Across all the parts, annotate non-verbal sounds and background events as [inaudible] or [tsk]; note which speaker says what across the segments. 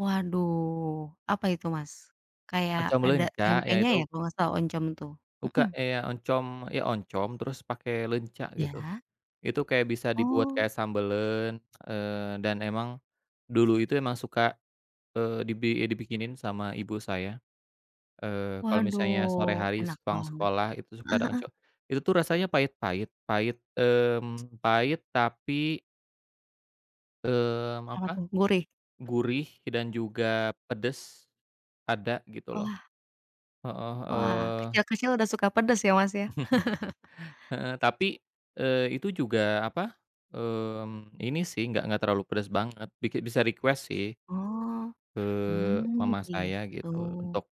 Speaker 1: Waduh, apa itu Mas? Kayak
Speaker 2: Macam
Speaker 1: ada
Speaker 2: leunca, ya,
Speaker 1: tempenya, ya,
Speaker 2: itu
Speaker 1: kalau gak salah oncom, tuh?
Speaker 2: Tuh, Kak,
Speaker 1: Hmm.
Speaker 2: eh, ya, oncom ya, oncom terus pakai leunca gitu.
Speaker 1: Iya.
Speaker 2: Itu kayak bisa dibuat
Speaker 1: Oh.
Speaker 2: kayak sambeleun, eee, dan emang dulu itu emang suka, eee, dibi dibikinin sama ibu saya. Eee, kalau misalnya sore
Speaker 1: Waduh
Speaker 2: hari
Speaker 1: enak
Speaker 2: sepulang
Speaker 1: banget.
Speaker 2: sekolah itu suka
Speaker 1: Heeh
Speaker 2: ada
Speaker 1: heeh.
Speaker 2: oncom. Itu, tuh, rasanya pahit-pahit, pahit mmm, [tsk] pahit tapi mmm,
Speaker 1: Apa,
Speaker 2: apa,
Speaker 1: tuh? Gurih.
Speaker 2: gurih dan juga pedes ada gitu loh.
Speaker 1: Wah.
Speaker 2: Heeh,
Speaker 1: Wah
Speaker 2: eee
Speaker 1: kecil-kecil udah suka pedes, ya, Mas, ya. [laughs]
Speaker 2: [chuckles] Heeh, tapi, eee, itu juga, apa, mmm, ini, sih, enggak enggak terlalu pedes banget biki bisa request sih.
Speaker 1: Oh,
Speaker 2: Eee,
Speaker 1: mmm,
Speaker 2: mama saya
Speaker 1: gitu.
Speaker 2: gitu untuk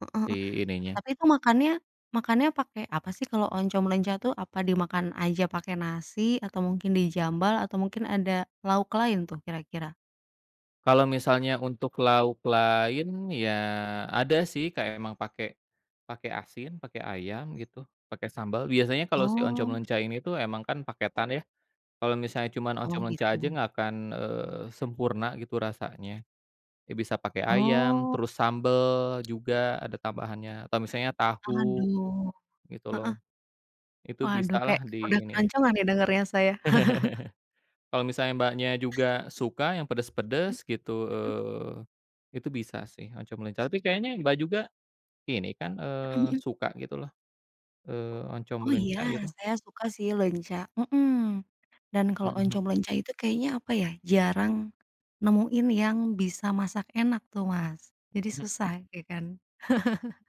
Speaker 1: Heeh heeh,
Speaker 2: di ininya.
Speaker 1: tapi, tuh, makannya makannya pakai apa, sih, kalau oncom leunca, tuh? Apa dimakan aja pakai nasi, atau mungkin di-jambal, atau mungkin ada lauk lain, tuh, kira-kira?
Speaker 2: Kalau misalnya untuk lauk lain, ya, ada, sih, kayak emang pake pake asin, pake ayam gitu, pakai sambal biasanya kalau si oncom
Speaker 1: Oh.
Speaker 2: leunca ini, tuh, emang, kan, paketan, ya, kalau misalnya cuma
Speaker 1: Oh,
Speaker 2: oncom leunca aja
Speaker 1: gitu.
Speaker 2: nggak akan, eee, sempurna gitu rasanya. Ya, bisa pakai ayam,
Speaker 1: Oh.
Speaker 2: terus sambel juga, ada tambahannya atau misalnya tahu,
Speaker 1: Aduh,
Speaker 2: gitu, loh.
Speaker 1: heeh.
Speaker 2: Itu
Speaker 1: Waduh
Speaker 2: bisalah
Speaker 1: kayak udah
Speaker 2: diiniin.
Speaker 1: keroncongan, nih, dengernya saya. [laughs]
Speaker 2: [laughs] Kalo misalnya Mbaknya juga suka yang pedes-pedes gitu,
Speaker 1: Mhm.
Speaker 2: eee, itu bisa, sih, oncom leunca tapi kayaknya Mbak, juga ini, kan,
Speaker 1: Mhm
Speaker 2: eee,
Speaker 1: mhm.
Speaker 2: suka gitu, loh, eee, oncom
Speaker 1: Oh, iya
Speaker 2: leunca gitu?
Speaker 1: saya suka, sih, leunca, mhm, dan kalau
Speaker 2: Mhm.
Speaker 1: oncom leunca itu kayaknya apa, ya, jarang nemuin yang bisa masak enak, tuh, Mas, jadi
Speaker 2: Mhm mhm.
Speaker 1: susah, ya, kan. [laughs]